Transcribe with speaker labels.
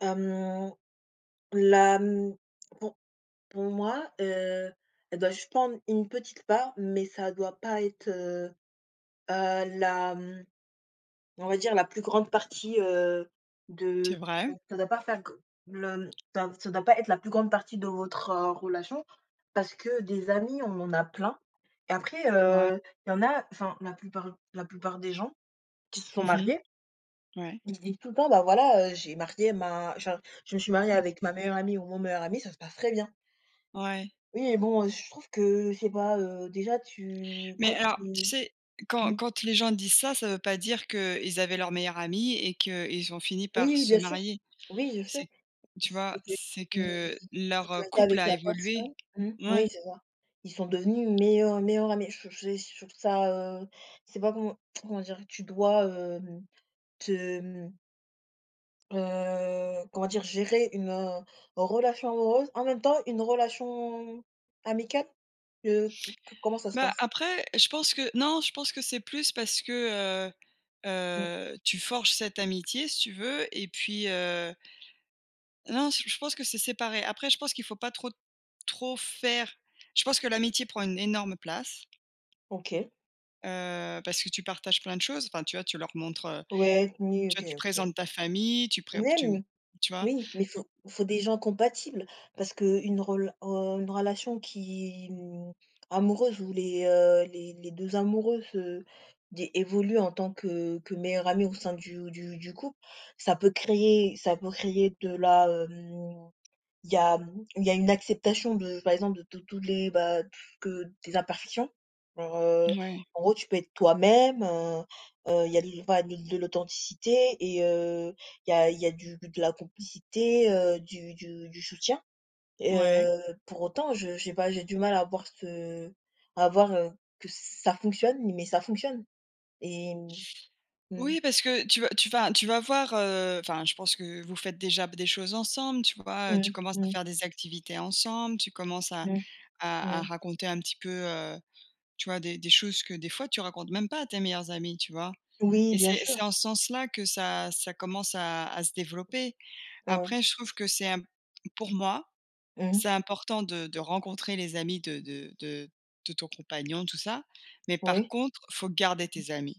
Speaker 1: Mmh. La mmh. Pour pour moi, heu, je dois juste prendre une petite part, mais ça doit pas être, heu, heu, la mmh, on va dire la plus grande partie, heu,
Speaker 2: C'est
Speaker 1: de
Speaker 2: vrai.
Speaker 1: ça ça doit pas faire g le ça ça doit pas être la plus grande partie de votre, heu, relation parce que des amis, on en a plein et après,
Speaker 2: Ouais.
Speaker 1: heu, il y en a enfin, la plupart la plupart des gens qui se sont
Speaker 2: Mmh mh.
Speaker 1: mariés
Speaker 2: Ouais.
Speaker 1: ils se disent tout le temps, bah, voilà, heu, j'ai marié ma genre je me suis mariée
Speaker 2: Mmh.
Speaker 1: avec ma meilleure amie ou mon meilleur ami, ça se passe très bien.
Speaker 2: Ouais.
Speaker 1: Oui et bon, heu, je trouve que je sais pas, heu, déjà tu quand
Speaker 2: Mais alors, tu
Speaker 1: tu
Speaker 2: sais, quand
Speaker 1: mmh.
Speaker 2: quand les gens disent ça, ça veut pas dire qu'ils avaient leur meilleur ami et qu'ils ont fini par
Speaker 1: Oui,
Speaker 2: se
Speaker 1: bien sûr,
Speaker 2: marier.
Speaker 1: oui je sais.
Speaker 2: C'est tu vois?
Speaker 1: C'est que
Speaker 2: C'est
Speaker 1: ils
Speaker 2: que
Speaker 1: ils
Speaker 2: leur, heu,
Speaker 1: ont été
Speaker 2: couple
Speaker 1: avec
Speaker 2: a
Speaker 1: la
Speaker 2: évolué.
Speaker 1: personne mmh, oui
Speaker 2: Ouais.
Speaker 1: c'est ça. Ils sont devenus meilleurs meilleurs amis, je j j c'est je trouve ça, heu, je sais pas comment comment dire, tu dois, hem, te mmh heu, comment dire? Gérer une, heu, relation amoureuse, en même temps une relation amicale? Heu, co comment ça se
Speaker 2: Bah,
Speaker 1: passe?
Speaker 2: après, je pense que non, je pense que c'est plus parce que, heu,
Speaker 1: Mmh.
Speaker 2: heu, tu forges cette amitié si tu veux et puis, heu Non, j je pense que c'est séparé. Après, je pense qu'il faut pas trop, trop faire je pense que l'amitié prend une énorme place.
Speaker 1: OK.
Speaker 2: Heu, parce que tu partages plein de choses, enfin tu vois? Tu leur montres, heu
Speaker 1: Ouais, ni
Speaker 2: tu
Speaker 1: OK
Speaker 2: vois, tu
Speaker 1: OK.
Speaker 2: présentes ta famille, tu pré p tu m
Speaker 1: Même!
Speaker 2: tu vois?
Speaker 1: Oui, mais il
Speaker 2: Don
Speaker 1: faut faut des gens compatibles parce qu'une rela heu, une relation qui mmh, amoureuse où les, heu, les les 2 amoureux se di évoluent en tant que que meilleurs amis au sein du du du couple, ça peut créer ça peut créer de la, hem il y a mmh, il y a une acceptation de par exemple de tous tous les, bah t que des imperfections. Alors, heu,
Speaker 2: Mouais.
Speaker 1: en gros tu peux être toi-même, heu, heu, il y a de l pas de l'authenticité et heu, il y a il y a du de la complicité, heu, du du du soutien.
Speaker 2: Ouais.
Speaker 1: Heu, pour autant, je je sais pas, j'ai du mal à voir ce à voir, heu, que ça fonctionne, mais ça fonctionne et mmh. Mmh.
Speaker 2: Oui parce que tu vas tu vas tu vas voir, heu, enfin je pense que, heu, vous faites déjà b des choses ensemble, tu vois? Heu, tu
Speaker 1: Mmh.
Speaker 2: commences à
Speaker 1: Mmh.
Speaker 2: faire des activités ensemble, tu commences à
Speaker 1: Mmh.
Speaker 2: à à
Speaker 1: Mmh.
Speaker 2: raconter un petit peu, heu, tu vois, des des choses que, des fois, tu racontes même pas à tes meilleurs amis, tu vois?
Speaker 1: Oui
Speaker 2: Et
Speaker 1: bien
Speaker 2: c'est
Speaker 1: sûr.
Speaker 2: c'est en ce sens-là que ça ça commence à à se développer.
Speaker 1: Mmh.
Speaker 2: Après, je trouve que c'est imp pour moi,
Speaker 1: Mmh mh.
Speaker 2: c'est important de de rencontrer les amis de de de de ton compagnon, tout ça. Mais par
Speaker 1: Oui.
Speaker 2: contre, faut garder
Speaker 1: Mmh mh.
Speaker 2: tes amis.